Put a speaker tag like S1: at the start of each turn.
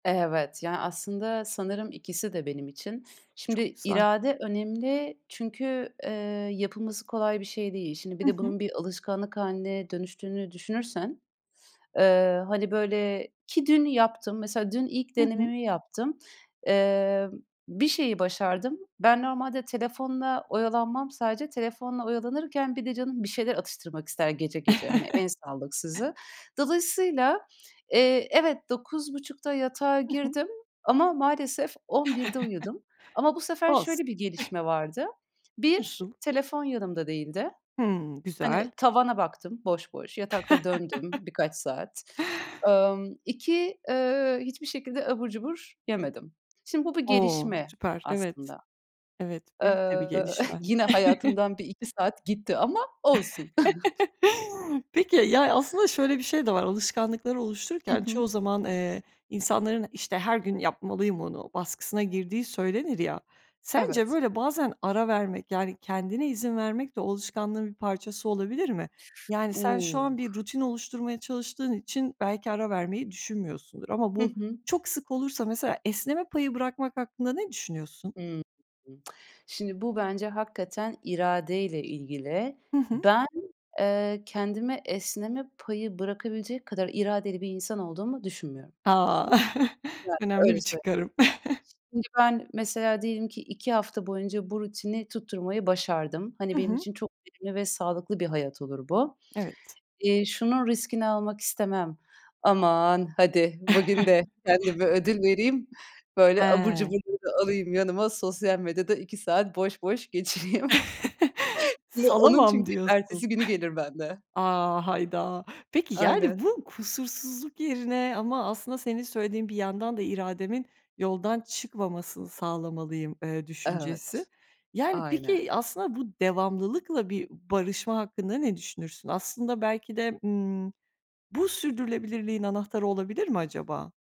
S1: Evet. Ya, aslında sanırım ikisi de benim için.
S2: Çok
S1: Şimdi
S2: güzel.
S1: irade önemli çünkü, eee, yapılması kolay bir şey değil. Şimdi bir
S2: Hı
S1: de
S2: hı.
S1: bunun bir alışkanlık hâline dönüştüğünü düşünürsen, eee, hani böyle ki dün yaptım, mesela dün ilk
S2: Hı hı.
S1: denememi yaptım, eee, bir şeyi başardım. Ben normalde telefonla oyalanmam sadece, telefonla oyalanırken bir de canım bir şeyler atıştırmak ister gece gece, hani en sağlıksızı. Dolayısıyla, eee, evet 9:30'da yatağa
S2: Hı hı.
S1: girdim ama maalesef 11'de uyudum ama bu sefer
S2: Olsun.
S1: şöyle bir gelişme vardı. 1
S2: Nasıl?
S1: telefon yanımda değildi.
S2: Hımm.
S1: Hani
S2: Güzel.
S1: tavana baktım boş boş, yatakta döndüm birkaç saat. Imm, 2 eee, hiçbir şekilde abur cubur yemedim. Şimdi bu bir
S2: O.
S1: gelişme
S2: Süper, evet.
S1: aslında.
S2: Evet. Büyük de bir
S1: Iıı,
S2: gelişme.
S1: yine hayatımdan bir 2 saat gitti ama olsun.
S2: Peki, ya, aslında şöyle bir şey de var alışkanlıkları
S1: Hı
S2: oluştururken
S1: hı.
S2: çoğu zaman, eee, insanların, işte, her gün yapmalıyım onu baskısına girdiği söylenir ya sence
S1: Evet.
S2: böyle bazen ara vermek, yani kendine izin vermek de, o alışkanlığın bir parçası olabilir mi? Yani, sen şu
S1: U!
S2: an bir rutin oluşturmaya çalıştığın için belki ara vermeyi düşünmüyorsundur ama
S1: Hı
S2: bu
S1: hı.
S2: çok sık olursa mesela esneme payı bırakmak hakkında ne düşünüyorsun?
S1: Hıı hı. Şimdi bu bence hakikaten iradeyle ilgili.
S2: Hı hı.
S1: Ben, eee, kendime esneme payı bırakabilecek kadar iradeli bir insan olduğumu düşünmüyorum.
S2: A!
S1: Yani,
S2: Önemli bir
S1: öyle söyleyeyim, yani.
S2: çıkarım.
S1: Şimdi ben mesela diyelim ki 2 hafta boyunca bu rutini tutturmayı başardım. Hani
S2: Hı
S1: benim
S2: hı.
S1: için çok verimli ve sağlıklı bir hayat olur bu.
S2: Evet.
S1: Eee, şunun riskini almak istemem. Aman hadi bugün de kendime ödül vereyim. Böyle abur
S2: He.
S1: cuburları alayım yanıma, sosyal medyada 2 saat boş boş geçiriyim. Onun
S2: Salamam
S1: çünkü
S2: diyorsun.
S1: ertesi günü gelir bende.
S2: A, hayda. Peki yani,
S1: Aynen.
S2: bu kusursuzluk yerine ama aslında senin söylediğin bir yandan da irademin yoldan çıkmamasını sağlamalıyım, ııı, düşüncesi.
S1: Evet,
S2: Yani,
S1: aynen.
S2: peki aslında bu devamlılıkla bir barışma hakkında ne düşünürsün? Aslında belki de, ımm, bu sürdürülebilirliğin anahtarı olabilir mi acaba?